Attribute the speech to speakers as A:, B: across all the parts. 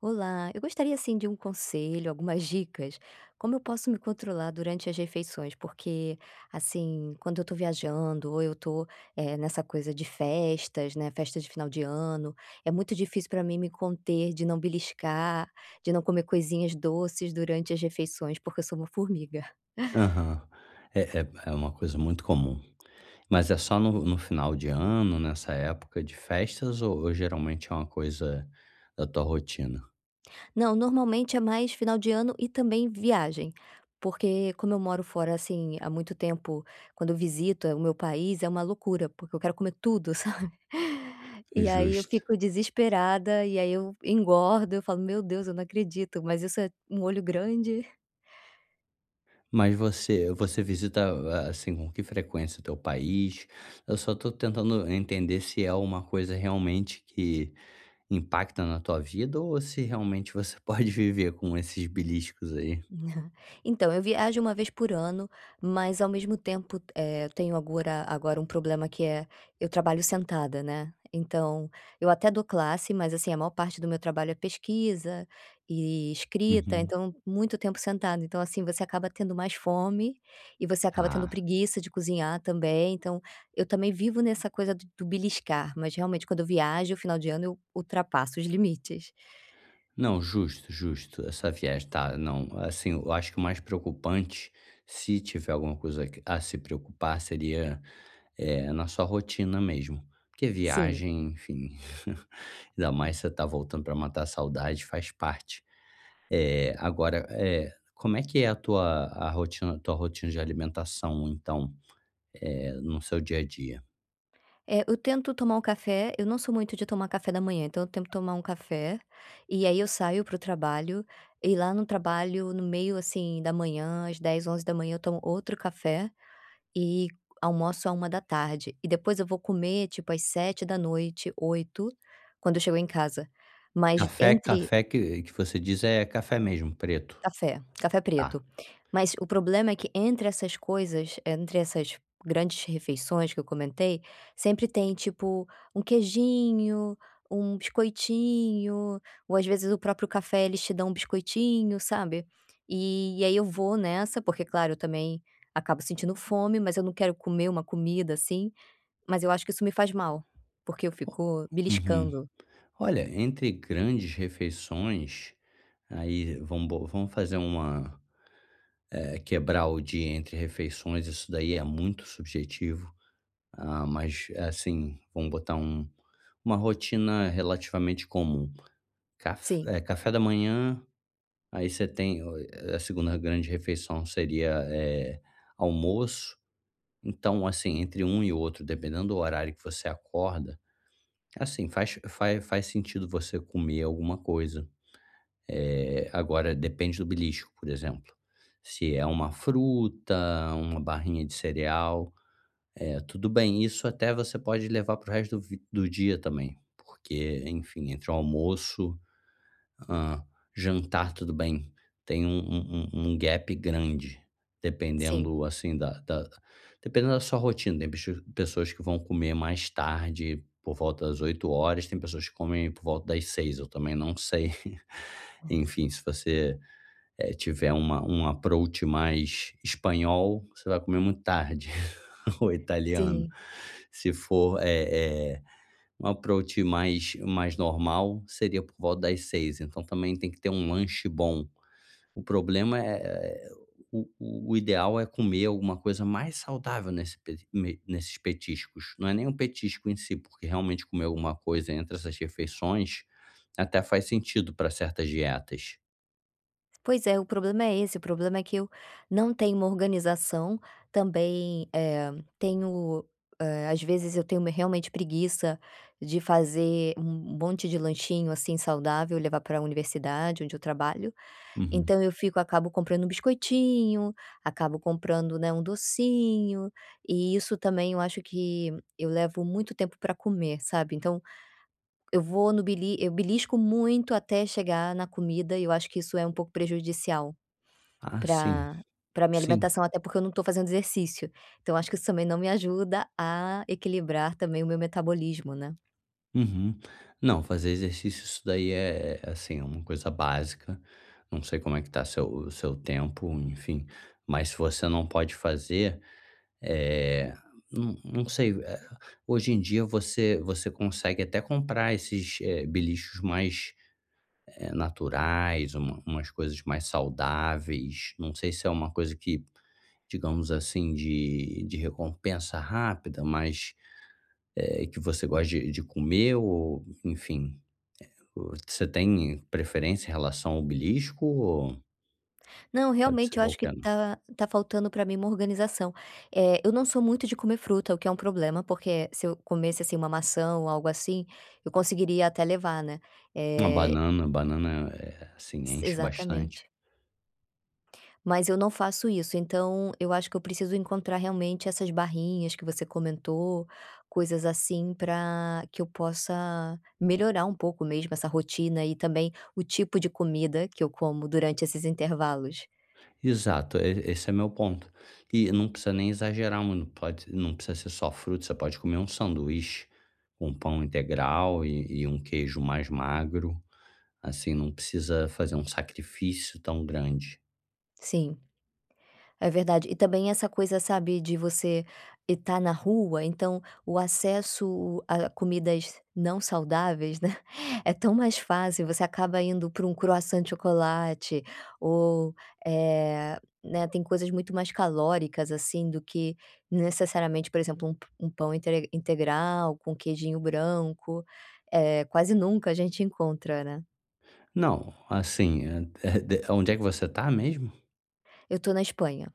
A: Olá, eu gostaria, assim, de um conselho, algumas dicas, como eu posso me controlar durante as refeições, porque assim, quando eu tô viajando ou eu tô, eh, nessa coisa de festas, né, festas de final de ano, é muito difícil pra mim me conter, de não beliscar, de não comer coisinhas doces durante as refeições, porque eu sou uma formiga.
B: Aham, eh eh, é uma coisa muito comum, mas é só no no final de ano, nessa época de festas ou ou geralmente é uma coisa da tua rotina?
A: Não, normalmente é mais final de ano e também viagem, porque como eu moro fora, assim, há muito tempo, quando eu visito o meu país, é uma loucura, porque eu quero comer tudo, sabe,
B: É
A: e aí eu
B: justo.
A: fico desesperada e aí eu engordo, eu falo, "Meu Deus, eu não acredito, mas isso é um olho grande".
B: Mas você você visita a assim, com que frequência o teu país? Eu só tô tentando entender se é alguma coisa realmente que impacta na tua vida ou se realmente você pode viver com esses beliscos aí?
A: Então eu viajo 1 vez por ano, mas ao mesmo tempo, eh, tenho agora agora um problema, que é eu trabalho sentada, né, então eu até dou classe, mas assim a maior parte do meu trabalho é pesquisa e escrita.
B: Uhum.
A: Então muito tempo sentada, então assim, você acaba tendo mais fome e você acaba tendo
B: Ah.
A: preguiça de cozinhar também, então eu também vivo nessa coisa do do beliscar, mas realmente quando eu viajo, o final de ano eu ultrapasso os limites.
B: Não, justo, justo, essa viagem tá não assim, eu acho que o mais preocupante, se tiver alguma coisa que, a se preocupar, seria, eh, na sua rotina mesmo, porque
A: Sim.
B: viagem, enfim, ainda mais você está voltando pra matar a saudade, faz parte, eh, agora eh, como é que é a tua rotina tua rotina de alimentação, então, eh, no seu dia a dia?
A: É, eu tento tomar o café eu não sou muito de tomar café da manhã, então eu tento tomar um café e aí eu saio para o trabalho e lá no trabalho no meio, assim da manhã, às 10h, 11h, eu tomo outro café e almoço a 13h e depois eu vou comer tipo às 19h, 20h quando eu chego em casa, mas
B: Café,
A: entre
B: café que que você diz é café mesmo preto?
A: Café, café
B: Tá.
A: preto. Mas o problema é que entre essas coisas, entre essas grandes refeições que eu comentei sempre tem tipo um queijinho, um biscoitinho ou, às vezes, o próprio café. Eles te dão um biscoitinho, sabe, e e aí eu vou nessa porque, claro, eu também acabo sentindo fome, mas eu não quero comer uma comida, assim, mas eu acho que isso me faz mal, porque eu fico
B: Uhum,
A: beliscando.
B: olha entre grandes refeições, aí vamos bo vamos fazer uma, eh quebrar o dia entre refeições, isso daí é muito subjetivo. Ah, mas, eh, assim vamos botar um uma rotina relativamente comum, caf
A: Sim.
B: eh café da manhã, aí você tem a 2ª grande refeição seria, eh, almoço. Então, assim, entre um e outro, dependendo do horário que você acorda, assim faz faz faz sentido você comer alguma coisa, eh, agora depende do belisco, por exemplo, se é uma fruta, uma barrinha de cereal, eh, tudo bem. Isso até você pode levar para o resto do v do dia também, porque, enfim, entre o almoço, hã, jantar, tudo bem, tem um um um um gap grande,
A: Sim.
B: dependendo assim da da dependendo da sua rotina, da suas tem pessoas que vão comer mais tarde, por volta das 20h, tem pessoas que comem por volta das 18h, eu também não sei.
A: Nossa.
B: Enfim, se você, eh, tiver uma um approach mais espanhol, você vai comer muito tarde ou italiano.
A: Sim.
B: Se for, é é um approach mais mais normal, seria por volta das 18h. Então, também tem que ter um lanche bom. O problema, eh eh, o o o ideal é comer alguma coisa mais saudável nesse pe me nesses petiscos, não é nem um petisco em si, porque realmente comer alguma coisa entre essas refeições, até faz sentido pra certas dietas.
A: Pois é, o problema é esse o problema é que eu não tenho uma organização também, eh, tenho, eh, às vezes eu tenho me realmente preguiça de fazer um monte de lanchinho, assim, saudável e levar para a universidade onde eu trabalho.
B: Uhum.
A: Então eu fico acabo comprando um biscoitinho, acabo comprando, né, um docinho e isso também eu acho que eu levo muito tempo para comer, sabe. Então eu vou no bili eu belisco muito até chegar na comida e eu acho que isso é um pouco prejudicial
B: Ah, sim,
A: pra pra minha
B: sim.
A: alimentação, até porque eu não tô fazendo exercício. Então eu acho que isso também não me ajuda a equilibrar também o meu metabolismo, né.
B: Uhum. Não, fazer exercício isso daí é é, assim, é uma coisa básica. Não sei como é que tá o seu o seu tempo, enfim, mas se você não pode fazer, eh, não não sei, eh, hoje em dia você você consegue até comprar esses, eh, beliscos mais, eh, naturais, uma umas coisas mais saudáveis. Não sei se é uma coisa que, digamos assim, de de recompensa rápida, mas, eh, que você gosta de de comer ou enfim, eh, o você tem preferência em relação ao belisco? Ou
A: Não,
B: Pode
A: realmente
B: ser
A: eu acho que
B: qualquer um.
A: tá tá faltando para mim uma organização, eh, eu não sou muito de comer fruta, o que é um problema, porque se eu comesse, assim, uma maçã ou algo assim, eu conseguiria até levar, né.
B: Uma
A: Eh
B: banana. Banana é, assim,
A: Si
B: enche bastante.
A: exatamente. Mas eu não faço isso. Então eu acho que eu preciso encontrar realmente essas barrinhas que você comentou coisas assim, pra que eu possa melhorar um pouco mesmo essa rotina e também o tipo de comida que eu como durante esses intervalos.
B: Exato, e esse é o meu ponto e não precisa nem exagerar muito pode não precisa ser só fruta. Você pode comer um sanduíche com pão integral, e e um queijo mais magro. Assim não precisa fazer um sacrifício tão grande.
A: Sim. É verdade e também essa coisa, sabe, de você e tá na rua. Então, o acesso a comidas não saudáveis, né, é tão mais fácil. Você acaba indo para um croissant de chocolate ou, eh, né, tem coisas muito mais calóricas, assim, do que necessariamente, por exemplo, um p um pão intre integral com queijinho branco, eh, quase nunca a gente encontra, né.
B: Não, assim, eh eh, de onde é que você está mesmo?
A: Eu tô na Espanha.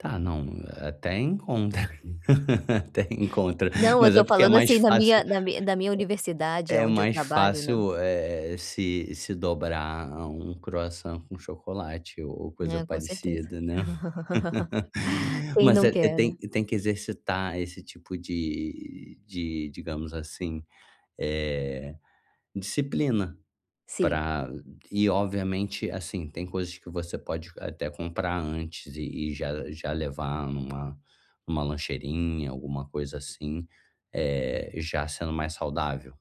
B: Tá, não, até encontra até encontra,
A: Não, eu
B: mas é
A: estou
B: porque é
A: falando
B: mais
A: assim na
B: fácil
A: minha
B: é
A: na minha na minha Universidade,
B: é
A: aonde eu
B: mais
A: trabalho, né?
B: fácil, eh eh, se se dobrar a um croissant com chocolate o ou coisa
A: É, com certeza.
B: parecida, né.
A: Quem
B: Mas
A: não
B: é, é
A: quer,
B: tem
A: né?
B: tem que exercitar esse tipo de de, digamos assim, eh, disciplina
A: Sim.
B: pra e obviamente, assim, tem coisas que você pode até comprar antes e e já já levar numa uma lancheirinha, alguma coisa assim, eh, já sendo mais saudável.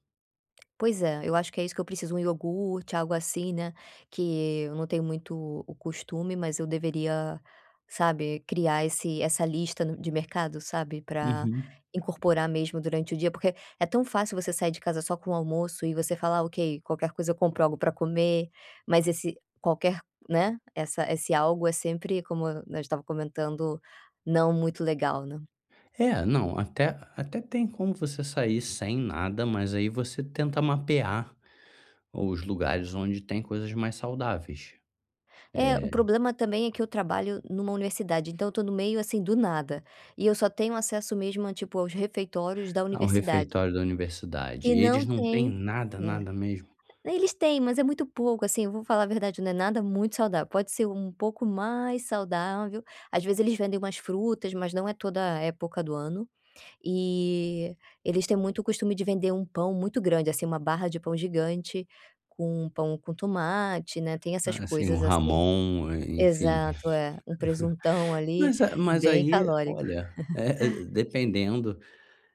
A: Pois é, eu acho que é isso que eu preciso, 1 iogurte, algo assim, né, que eu não tenho muito o o costume, mas eu deveria, sabe, criar esse essa lista no de mercado, sabe, para
B: Uhum.
A: incorporar mesmo durante o dia, porque é tão fácil você sair de casa só com o almoço e você falar: “Ok, qualquer coisa, eu compro algo para comer”, mas esse qualquer né, essa esse algo é sempre, como a gente estava comentando, não muito legal, né.
B: É, não, até até tem como você sair sem nada, mas aí você tenta mapear os lugares onde tem coisas mais saudáveis.
A: É, o
B: Eh
A: problema também é que eu trabalho numa Universidade, então eu tô no meio, assim, do nada e eu só tenho acesso mesmo a tipo, aos refeitórios da
B: Ah, o
A: Universidade
B: refeitório da Universidade,
A: que
B: e eles
A: não
B: não têm
A: tem
B: nada,
A: é.
B: nada mesmo?
A: Eles têm, mas é muito pouco, assim. Eu vou falar a verdade, não é nada muito saudável. Pode ser um pouco mais saudável, às vezes, eles vendem umas frutas, mas não é toda a época do ano e eles têm muito o costume de vender um pão muito grande, assim, uma barra de pão gigante, com pão com tomate, né, tem essas
B: Ah, assim
A: coisas
B: o
A: assim.
B: jamón, eh, enfim,
A: Exato, é um presuntão ali
B: mas a mas
A: bem
B: aí,
A: calórico.
B: olha, é é, dependendo,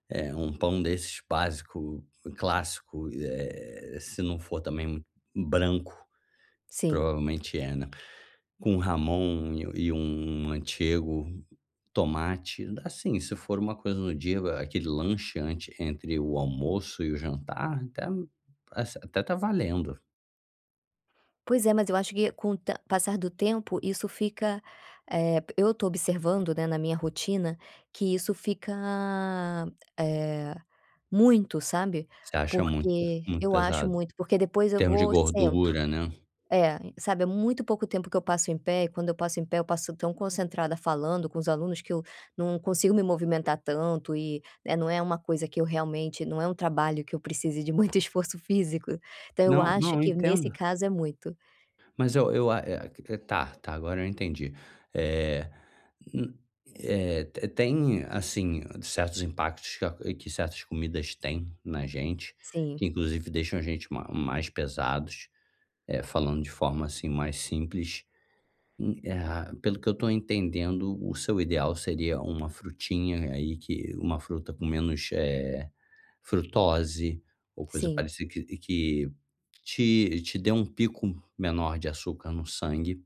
B: é um pão desses básico, clássico, eh eh, se não for também, um branco,
A: Sim.
B: provavelmente é, né, com jamón e um antigo tomate, assim, se for uma coisa no dia, aquele lanche antes, entre o almoço e o jantar, até, assim até tá valendo.
A: Pois é, mas eu acho que com o te passar do tempo isso fica, eh, eu estou observando, né, na minha rotina que isso fica, eh, muito, sabe.
B: Você acha muito per
A: Porque
B: muito
A: eu acho
B: pesado? Em
A: muito, porque depois eu
B: termos de
A: vou, sento.
B: gordura, né.
A: É, sabe, é muito pouco tempo que eu passo em pé e quando eu passo em pé, eu passo tão concentrada falando com os alunos que eu não consigo me movimentar tanto e, né, não é uma coisa que eu realmente não é um trabalho que eu precise de muito esforço físico. Então eu
B: Não
A: acho
B: não, eu
A: que nesse
B: entendo.
A: caso é muito.
B: Mas eu eu a eh, que que tá tá, agora eu entendi, eh, hum, eh, te tem, assim, certos impactos que a que certas comidas têm na gente,
A: Sim.
B: que inclusive deixam a gente ma mais pesados, eh, falando de forma, assim, mais simples, hum, eh, a pelo que eu tô entendendo, o seu ideal seria uma frutinha aí que uma fruta com menos, eh, frutose ou coisa
A: Sim.
B: parecida que que te te dê um pico menor de açúcar no sangue,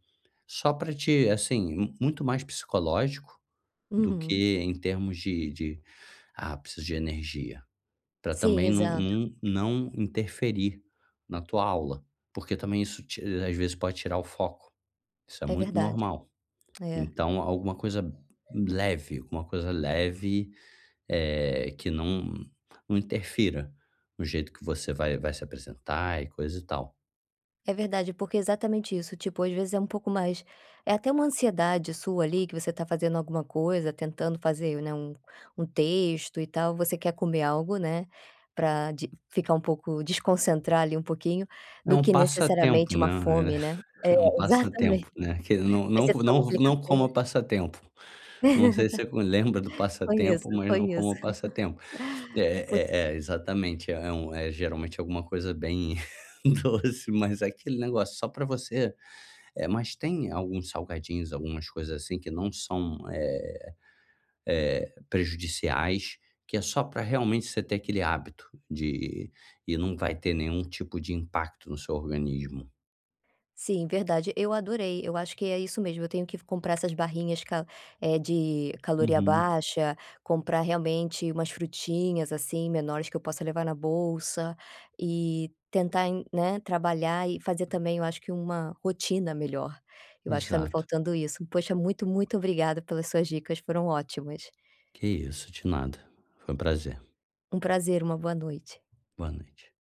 B: só para te assim, m muito mais psicológico do
A: Uhum.
B: que em termos de de ápices de energia pra
A: Sim,
B: também não
A: exato.
B: não não interferir na tua aula, porque também isso ti às vezes pode tirar o foco. Isso é
A: É
B: muito
A: verdade,
B: normal,
A: é.
B: então alguma coisa leve, alguma coisa leve, eh, que não não interfira no jeito que você vai vai se apresentar e coisa e tal.
A: É verdade, porque é exatamente isso, tipo às vezes é um pouco mais é até uma ansiedade sua ali que você tá fazendo alguma coisa, tentando fazer, né, um um texto e tal, você quer comer algo, né, pra de ficar um pouco, desconcentrar ali um pouquinho,
B: É
A: do
B: um
A: que necessariamente
B: passatempo,
A: uma
B: né, é
A: fome, né, é
B: é um
A: exatamente,
B: passatempo, né, que não
A: aí
B: não
A: você
B: não
A: toma
B: não
A: aquele
B: não como
A: café.
B: passatempo, não sei se você lembra do
A: Conheço,
B: passatempo, mas não como
A: conheço,
B: o passatempo,
A: Por
B: é é é exatamente, é um é geralmente alguma coisa bem doce, mas é aquele negócio só pra você eh, mas tem alguns salgadinhos, algumas coisas, assim, que não são, eh eh, prejudiciais, que é só pra realmente você ter aquele hábito de e não vai ter nenhum tipo de impacto no seu organismo.
A: Sim, verdade. Eu adorei, eu acho que é isso mesmo, eu tenho que f comprar essas barrinhas ca é de caloria
B: Uhum.
A: baixa, comprar realmente umas frutinhas, assim, menores que eu possa levar na bolsa e tentar em né, trabalhar e fazer também, eu acho que uma rotina melhor, eu acho que tá me
B: Exato.
A: faltando isso. Poxa, muito, muito obrigada pelas suas dicas, foram ótimas.
B: Que isso de nada, foi um prazer.
A: Um prazer, uma boa noite.
B: Boa noite.